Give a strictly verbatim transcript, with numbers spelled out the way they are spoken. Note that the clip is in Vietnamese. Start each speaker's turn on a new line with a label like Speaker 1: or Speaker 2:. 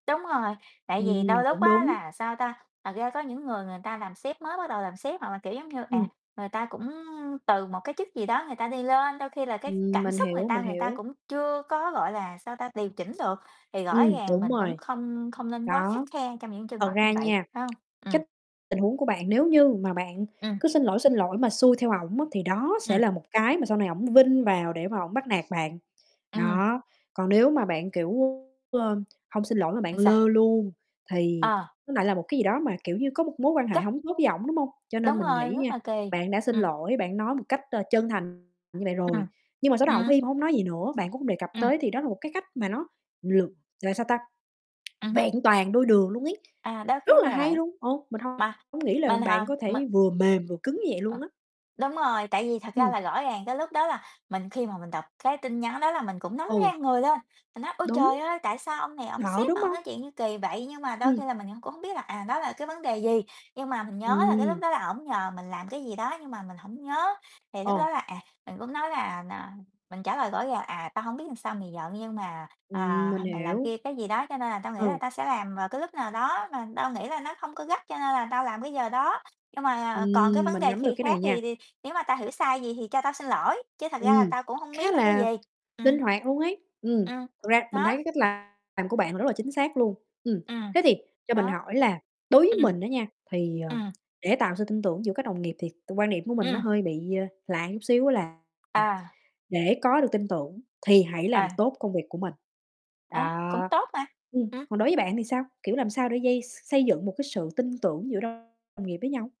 Speaker 1: Đúng rồi, tại vì
Speaker 2: Ừm,
Speaker 1: đôi lúc
Speaker 2: cũng
Speaker 1: á
Speaker 2: đúng.
Speaker 1: là, sao ta, thật ra có những người người ta làm sếp, mới bắt đầu làm sếp, hoặc là, kiểu giống như, à,
Speaker 2: Ừm.
Speaker 1: người ta cũng từ một cái chức gì đó người ta đi lên, đôi khi là cái
Speaker 2: Ừm,
Speaker 1: cảm
Speaker 2: mình
Speaker 1: xúc người
Speaker 2: hiểu,
Speaker 1: ta,
Speaker 2: mình
Speaker 1: người ta
Speaker 2: hiểu.
Speaker 1: cũng chưa có, gọi là, sao ta, điều chỉnh được. Thì rõ
Speaker 2: Ừm,
Speaker 1: ràng
Speaker 2: đúng
Speaker 1: mình cũng
Speaker 2: rồi.
Speaker 1: không không nên quá khắt
Speaker 2: Đó,
Speaker 1: khe trong những trường
Speaker 2: thật
Speaker 1: hợp
Speaker 2: ra
Speaker 1: như vậy,
Speaker 2: nha,
Speaker 1: phải hông? Ừm.
Speaker 2: cái tình huống của bạn nếu như mà bạn
Speaker 1: Ừm.
Speaker 2: cứ xin lỗi, xin lỗi mà xuôi theo ổng á, thì đó sẽ
Speaker 1: Ừm.
Speaker 2: là một cái mà sau này ổng vin vào để mà ổng bắt nạt bạn.
Speaker 1: Ừm.
Speaker 2: Đó, còn nếu mà bạn kiểu, ơ, hông xin lỗi mà bạn
Speaker 1: Ừm, sao?
Speaker 2: lơ luôn, thì
Speaker 1: Ờ.
Speaker 2: nó lại là một cái gì đó mà, kiểu như, có một mối quan hệ
Speaker 1: Cơ
Speaker 2: hổng tốt với ổng, đúng hông? Cho nên
Speaker 1: Đúng
Speaker 2: mình
Speaker 1: rồi,
Speaker 2: nghĩ
Speaker 1: rất
Speaker 2: nha,
Speaker 1: là kỳ.
Speaker 2: bạn đã xin
Speaker 1: Ừm.
Speaker 2: lỗi, bạn nói một cách, ờ, chân thành như vậy rồi,
Speaker 1: Ừm.
Speaker 2: nhưng mà sau đó ổng
Speaker 1: À.
Speaker 2: im hông nói gì nữa, bạn cũng hông đề cập
Speaker 1: Ừm.
Speaker 2: tới, thì đó là một cái cách mà nó lược là sao ta,
Speaker 1: Ừm hứm.
Speaker 2: vẹn toàn đôi đường luôn ấy,
Speaker 1: À, đôi
Speaker 2: rất
Speaker 1: khi
Speaker 2: là
Speaker 1: là
Speaker 2: hay
Speaker 1: vậy.
Speaker 2: luôn. Ờ, mình
Speaker 1: Mà
Speaker 2: hông nghĩ là
Speaker 1: mình
Speaker 2: bạn
Speaker 1: hả?
Speaker 2: có
Speaker 1: Mình
Speaker 2: thể vừa mềm vừa cứng như vậy
Speaker 1: Ờ,
Speaker 2: luôn á.
Speaker 1: đúng rồi, tại vì thật ra
Speaker 2: Ừm.
Speaker 1: là rõ ràng cái lúc đó là mình khi mà mình đọc cái tin nhắn đó là mình cũng nóng
Speaker 2: Ừ.
Speaker 1: ran người lên, mình nói: "Ôi
Speaker 2: Đúng.
Speaker 1: trời ơi, tại sao ông này ổng làm
Speaker 2: Thợ,
Speaker 1: sếp
Speaker 2: đúng
Speaker 1: mà ổng
Speaker 2: hông?
Speaker 1: nói chuyện gì kỳ vậy?" Nhưng mà đôi
Speaker 2: Ừm.
Speaker 1: khi là mình c cũng hông biết là, à, đó là cái vấn đề gì, nhưng mà mình nhớ là cái lúc
Speaker 2: Ừm.
Speaker 1: đó là ổng nhờ mình làm cái gì đó nhưng mà mình hổng nhớ. Thì lúc
Speaker 2: Ờ.
Speaker 1: đó là, à, mình cũng nói là, à, mình trả lời rõ là: "À, tao hông biết sao mày giận, nhưng mà,
Speaker 2: Ừm,
Speaker 1: à,
Speaker 2: mình
Speaker 1: h mày làm
Speaker 2: hiểu.
Speaker 1: kia, cái gì đó, cho nên là tao nghĩ là
Speaker 2: Ừ.
Speaker 1: tao sẽ làm vào cái lúc nào đó mà tao nghĩ là nó không có gắt, cho nên là tao làm cái giờ đó. Nhưng mà, à, còn cái
Speaker 2: Ừm,
Speaker 1: vấn
Speaker 2: mình
Speaker 1: đề
Speaker 2: nắm được
Speaker 1: khì
Speaker 2: cái
Speaker 1: khác,
Speaker 2: này nha.
Speaker 1: thì thì nếu mà tao hiểu sai vậy thì cho tao xin lỗi, chứ thật ra là
Speaker 2: Ừm,
Speaker 1: tao cũng hông
Speaker 2: khá
Speaker 1: biết là cái gì."
Speaker 2: là
Speaker 1: Ừm.
Speaker 2: linh hoạt luôn ấy. Ừm,
Speaker 1: Ừm,
Speaker 2: thực ra mình thấy
Speaker 1: đó.
Speaker 2: cái cách làm của bạn rất là chính xác luôn. Ừm,
Speaker 1: Ừm,
Speaker 2: thế thì cho mình
Speaker 1: đó.
Speaker 2: hỏi là đối với
Speaker 1: Ừm.
Speaker 2: mình á nha, thì, ờ,
Speaker 1: Ừm.
Speaker 2: để tạo sự tin tưởng giữa các đồng nghiệp thì t quan điểm của mình nó
Speaker 1: Ừm.
Speaker 2: hơi bị, ờ, lạ chút xíu á là
Speaker 1: À.
Speaker 2: để có được tin tưởng thì hãy làm
Speaker 1: À.
Speaker 2: tốt công việc của mình,
Speaker 1: À, cũng
Speaker 2: đó,
Speaker 1: tốt mà.
Speaker 2: ừm,
Speaker 1: Ừm.
Speaker 2: còn đối với bạn thì sao? Kiểu, làm sao để dây xây dựng một cái sự tin tưởng giữa đồng nghiệp với nhau?